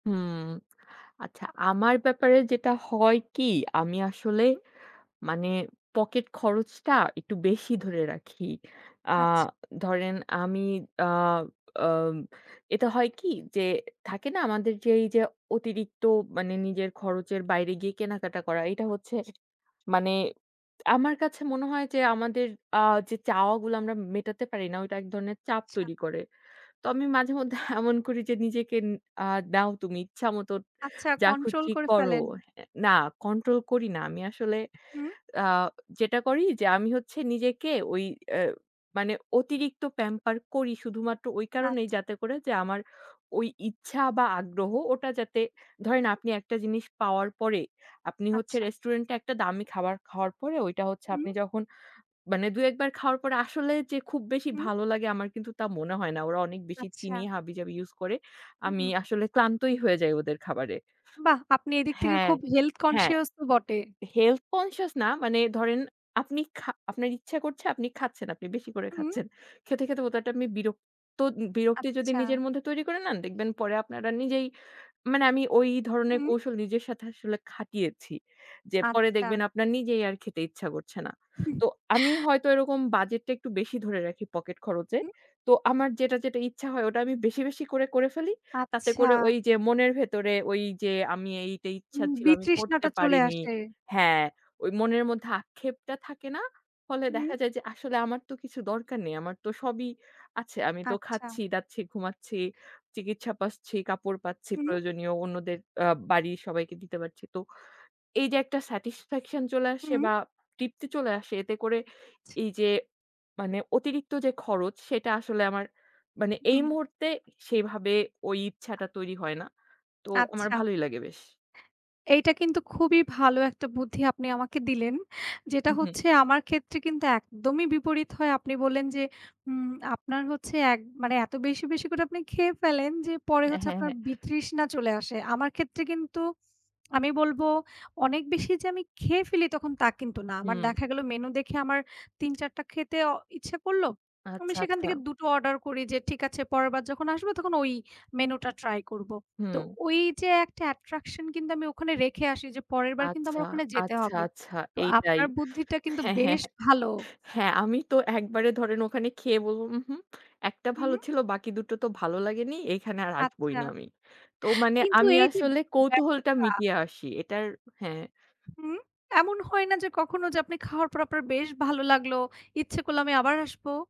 হুম। আচ্ছা, আমার ব্যাপারে যেটা হয় কি? আমি আসলে হুম। মানে পকেট খরচটা একটু বেশি ধরে রাখি। আ আচ্ছা। ধরেন আমি আ আ এটা হয় কি? যে থাকে না আমাদের যে এইযে অতিরিক্ত মানে নিজের খরচের বাইরে গিয়ে কেনাকাটা করা, এইটা হচ্ছে যে মানে আমার কাছে মনে হয় যে আমাদের আ যে চাওয়াগুলা আমরা মেটাতে পারি না ঐটা ১ ধরনের চাপ আচ্ছা। তৈরি করে। তো আমি মাঝে মধ্যে এমন করি যে, "নিজেকে ন আ দেও তুমি ইচ্ছা মতোন আচ্ছা যা কন্ট্রোল খুশি করে করো।" ফেলেন। হ্যা না, কন্ট্রোল করি না। আমি আসলে হুম। আ যেটা করি যে আমি হচ্ছে নিজেকে ঐ অ্যা মানে অতিরিক্ত প্যাম্পার করি শুধুমাত্র ঐ কারণেই আচ্ছা। যাতে করে যে আমার ঐ ইচ্ছা বা আগ্রহ ওটা যাতে ধরেন আপনি একটা জিনিস পাওয়ার পরে আপনি হচ্ছে আচ্ছা। রেস্টুরেন্টে একটা দামি খাবার খাওয়ার পরে, ঐটা হচ্ছে হুম। আপনি যখন মানে ২-১ বার খাওয়ার পরে আসলে যে খুব বেশি হুম। ভালো লাগে আমার কিন্তু তা মনে হয় না। ওরা অনেক বেশি আচ্ছা। চিনি হাবিজাবি ইউজ করে। হু, আমি হুম। আসলে ক্লান্তই হয়ে যাই ওদের খাবারে। বাহ! আপনি এইদিক থেকে হ্যাঁ, খুব Health হ্যাঁ। conscious তো বটে। Health conscious না। মানে ধরেন আপনি খা আপনার ইচ্ছা করছে, আপনি খাচ্ছেন। আপনি বেশি করে হুম। খাচ্ছেন। খেতে, খেতে হটাৎ আমি বিরক্ত বিরক্তি যদি আচ্ছা। নিজের মধ্যে তৈরি করে নেন, দেখবেন পরে আপনার আর নিজেই মানে আমি ঐ ধরনের হুম। কৌশল নিজের সাথে আসলে খাটিয়েছি। যে পরে আচ্ছা। দেখবেন আপনার নিজেই আর খেতে ইচ্ছা করছে না। হুম। তো আমি হয়তো এরকম বাজেটটা একটু বেশি ধরে রাখি পকেট খরচে। হুম। তো আমার যেটা, যেটা ইচ্ছা হয় ওটা আমি বেশি, বেশি করে করে ফেলি। তাতে আচ্ছা। করে ঐযে মনের ভেতরে ঐযে আমি এই এইটা ইচ্ছা উম ছিল আমি করতে বিতৃষ্ণাটা চলে পারিনি আসে। হ্যাঁ, ঐ মনের মধ্যে আক্ষেপটা থাকে না। ফলে হুম। দেখা যায় যে আসলে আমার তো কিছু দরকার নেই। আমার তো সবই আছে। আমি তো আচ্ছা। খাচ্ছি-দাচ্ছি, ঘুমাচ্ছি, চিকিৎসা পাচ্ছি, কাপড় পাচ্ছি হুম। প্রয়োজনীয়। অন্যদের অ্যা বাড়ির সবাইকে দিতে পারছি। তো এইযে একটা স্যাটিসফ্যাকশন চলে আসে হুম। বা তৃপ্তি চলে আসে এতে করে আচ্ছা। এইযে মানে অতিরিক্ত যে খরচ সেইটা আসলে আমার মানে এই হুম। মুহূর্তে সেইভাবে ঐ ইচ্ছাটা তৈরি হয় না। তো আমার আচ্ছা। ভালোই লাগে বেশ। এইটা কিন্তু খুবই ভালো ১ টা বুদ্ধি আপনি আমাকে দিলেন। যেটা উহুম। হচ্ছে আমার ক্ষেত্রে কিন্তু একদমই বিপরীত হয়। আপনি বললেন যে উম আপনার হচ্ছে ১ মানে এত বেশি, বেশি করে আপনি খেয়ে ফেলেন যে পরে অ্যা হচ্ছে হ্যাঁ, আপনার হ্যাঁ। বিতৃষ্ণা চলে আসে। আমার ক্ষেত্রে কিন্তু আমি বলব অনেক বেশি যে আমি খেয়ে ফেলি তখন তা কিন্তু না। আমার হুম। দেখা গেল মেনু দেখে আমার ৩-৪ টা খেতে অ ইচ্ছা করলো। আমি আচ্ছা, সেখান থেকে আচ্ছা। ২ টো অর্ডার করি যে ঠিক আছে পরেরবার যখন আসব তখন ঐ মেনুটা ট্রাই করবো। তো হুম। ঐযে একটা অ্যাট্রাকশন কিন্তু আমি ওখানে রেখে আসি যে পরেরবার কিন্তু আচ্ছা, আমার ওখানে যেতে আচ্ছা, হবে। আচ্ছা, তো এইটাই আপনার বুদ্ধিটা কিন্তু হ্যাঁ, হ্যাঁ। বেশ ভালো। হ্যাঁ, আমি তো একবারে ধরেন ওখানে খেয়ে বলব, "উহুম ১ টা হুউম। ভালো ছিল বাকি ২ টো তো ভালো লাগেনি। এইখানে আর আসবই আচ্ছা। না আমি।" তো মানে কিন্তু আমি এই যে আসলে কৌতূহলটা ব্যাপারটা মিটিয়ে আসি। এটার হ্যাঁ। হুম, এমন হয় না যে কখনো যে আপনি খাওয়ার পর আপনার বেশ ভালো লাগলো? ইচ্ছে করল আমি আবার আসব?